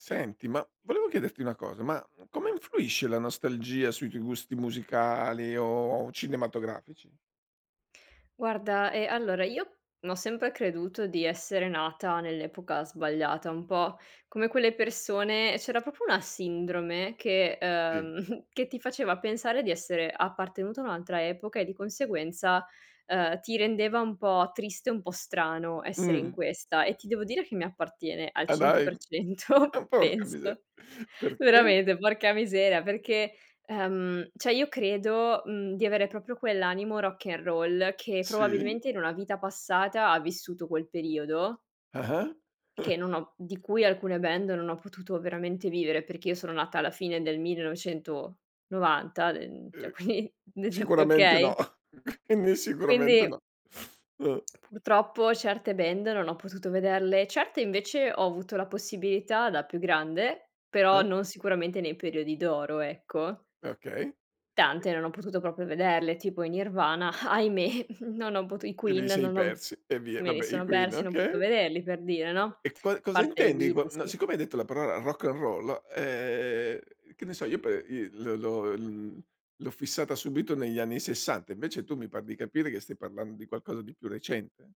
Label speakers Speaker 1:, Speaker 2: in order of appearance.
Speaker 1: Senti, ma volevo chiederti una cosa, ma come influisce la nostalgia sui tuoi gusti musicali o cinematografici?
Speaker 2: Guarda, ehm, allora io ho sempre creduto di essere nata nell'epoca sbagliata, un po' come quelle persone c'era proprio una sindrome che
Speaker 1: Sì.
Speaker 2: uhm, che ti faceva pensare di essere appartenuta a un'altra epoca e di conseguenza, ehm, ti rendeva un po' triste, un po' strano essere in
Speaker 1: Mh.
Speaker 2: questa. E ti devo dire che mi appartiene al
Speaker 1: Ah
Speaker 2: cento
Speaker 1: dai.
Speaker 2: per cento
Speaker 1: Oh porca
Speaker 2: penso.
Speaker 1: miser perchè?
Speaker 2: Veramente, porca miseria, perché, ehm, cioè io credo, mhmm, di avere proprio quell'animo rock n'roll, che
Speaker 1: Sì.
Speaker 2: probabilmente in una vita passata ha vissuto quel periodo
Speaker 1: Ah-ah.
Speaker 2: che non ho di cui alcune band non ho potuto veramente vivere. Perché io sono nata alla fine del 1990, d ehm, cioè
Speaker 1: Eh.
Speaker 2: quindi nel
Speaker 1: Sicuramente no
Speaker 2: okay?
Speaker 1: quindi sicuramente
Speaker 2: Quindi
Speaker 1: no. Uh.
Speaker 2: purtroppo certe band non ho potuto vederle. Certe invece ho avuto la possibilità da più grande, però
Speaker 1: Eh.
Speaker 2: non sicuramente nei periodi d'oro, ecco.
Speaker 1: Eh okay. E
Speaker 2: Tante non ho potuto proprio vederle, tipo i Nirvana, ahimè, non ho potu i
Speaker 1: Te
Speaker 2: Queen
Speaker 1: li sei
Speaker 2: non ho
Speaker 1: persi e via,
Speaker 2: me li
Speaker 1: vabbè i
Speaker 2: sono
Speaker 1: Queen,
Speaker 2: persi, non ho potuto
Speaker 1: okay.
Speaker 2: vederli per dire, no, a
Speaker 1: E e qua cosa
Speaker 2: parte i
Speaker 1: intendi
Speaker 2: video,
Speaker 1: con
Speaker 2: sì.
Speaker 1: siccome hai detto la parola rock n'roll, ehm, che ne so, io pe il l'ho l'ho l l'ho fissata subito negli anni '60, invece tu mi par di capire che stai parlando di qualcosa di più recente?